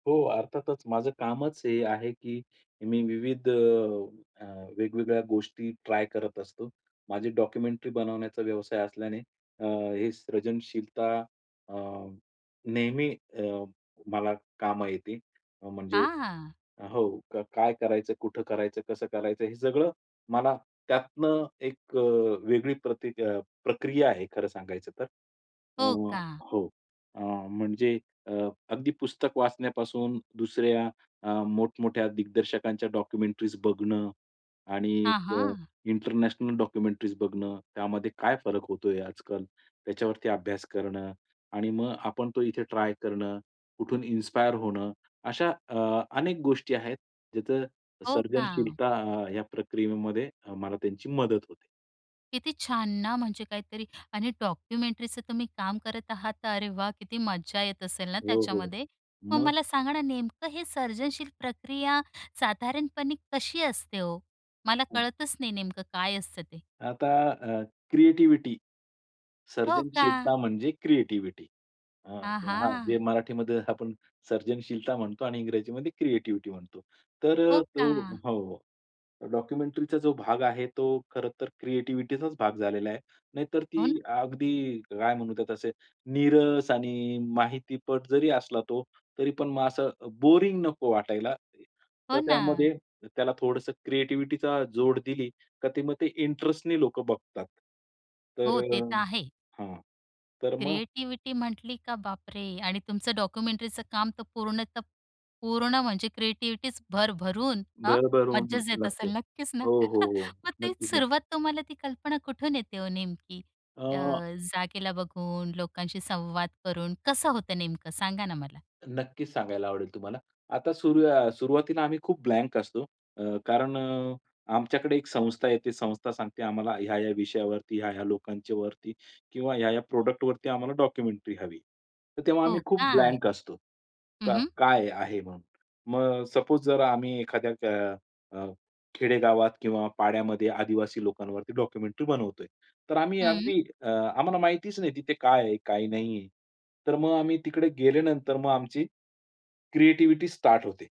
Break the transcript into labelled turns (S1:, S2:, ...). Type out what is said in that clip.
S1: हो, अर्थातच माझं कामच हे आहे, की मी विविध अ, अ, वेगवेगळ्या गोष्टी ट्राय करत असतो. माझी डॉक्युमेंटरी बनवण्याचा व्यवसाय असल्याने अ, हे सृजनशीलता अ, नेहमी अ, मला कामं येते. अ, म्हणजे
S2: हां.
S1: अ, हो, काय करायचं? कुठं करायचं? कसं करायचं? हे सगळं मला त्यातनं एक अ, वेगळी प्रतीक अ, प्रक्रिया आहे खरं सांगायचं तर. अ,
S2: हो का.
S1: हो, अ, म्हणजे अ, अगदी पुस्तक वाचण्यापासून दुसऱ्या अ, मोठमोठ्या दिग्दर्शकांच्या डॉक्युमेंटरीज बघणं आणि
S2: हां,
S1: अ,
S2: हां.
S1: इंटरनॅशनल डॉक्युमेंटरीज बघणं. त्यामध्ये काय फरक होतोय आजकाल, त्याच्यावरती अभ्यास करणं. आणि मग आपण तो इथे ट्राय करणं, कुठून इन्स्पायर होणं. अशा अ, अनेक गोष्टी आहेत ज्याचं
S2: हो का.
S1: सर्जनशीलता या प्रक्रियेमध्ये मला त्यांची मदत होते.
S2: किती छान ना, म्हणजे काहीतरी आणि डॉक्युमेंटरीचं तुम्ही काम करत आहात, तर अरे वाह! किती मजा येत असेल ना
S1: हो, हो,
S2: त्याच्यामध्ये. मग
S1: मग?
S2: मला सांगा ना, नेमकं हे सर्जनशील प्रक्रिया साधारणपणे कशी असते हो? मला
S1: हं.
S2: कळतच नाही नेमकं काय असतं ते?
S1: आता अ, क्रिएटिव्हिटी.
S2: हो का?
S1: सर्जनशीलता म्हणजे क्रिएटिव्हिटी. अ, हां जे
S2: आहा!
S1: मराठीमध्ये आपण सर्जनशीलता म्हणतो आणि इंग्रजीमध्ये क्रिएटिव्हिटी म्हणतो, तर
S2: हो
S1: अ, तो
S2: का.
S1: हो, हो, डॉक्युमेंटरीचा जो भाग आहे, तो खरंतर क्रिएटिव्हिटीचाच भाग झालेला आहे. नाहीतर
S2: हो ना.
S1: ती अगदी काय म्हणू त्यात तसे नीरस आणि माहितीपट जरी असला तो, तरीपण मग असं बोरिंग नको वाटायला. तर
S2: हो ना.
S1: त्यामध्ये त्याला थोडंसं क्रिएटिव्हिटीचा जोड दिली, तर ते मग ते इंटरेस्टने लोकं बघतात. तर
S2: हो, ते
S1: अ,
S2: तर आहे.
S1: हां, तर मग
S2: क्रिएटिव्हिटी म्हटली का बापरे! आणि तुमचं डॉक्युमेंटरीचं काम तर पूर्णतः पूर्ण म्हणजे क्रिएटिव्हिटीच भरभरून अ,
S1: भरभरून
S2: मजाच
S1: ला
S2: येत
S1: लागते.
S2: असेल, नक्कीच ना.
S1: हो, हो, हो.
S2: मग तेच
S1: नक्कीच, नक्की.
S2: सुरुवात तुम्हाला ती कल्पना कुठून येते हो नेमकी अ,
S1: अ
S2: जागेला बघून, लोकांशी संवाद करून. कसं होतं नेमकं सांगा ना मला?
S1: नक्कीच सांगायला आवडेल तुम्हाला. आता सुरु अ, सुरुवातीला आम्ही खूप ब्लँक असतो. अ, कारण अ, आमच्याकडे एक संस्था येते. संस्था सांगते आम्हाला ह्या-ह्या विषयावरती, ह्या-ह्या लोकांच्यावरती किंवा ह्या-ह्या प्रॉडक्टवरती आम्हाला डॉक्युमेंटरी हवी. तर तेव्हा
S2: हो
S1: आम्ही खूप
S2: का?
S1: ब्लँक असतो.
S2: हं,
S1: क
S2: हं.
S1: काय आहे म्हणून. मग सपोज जर आम्ही एखाद्या अ, अ, खेडेगावात किंवा पाड्यामध्ये आदिवासी लोकांवरती डॉक्युमेंटरी बनवतोय, तर आम्ही
S2: हं.
S1: अगदी अ, आम्हाला माहितीच नाही तिथे काय आहे, काय नाही आहे. तर मग आम्ही तिकडे गेल्यानंतर मग आमची क्रिएटिव्हिटी स्टार्ट होते.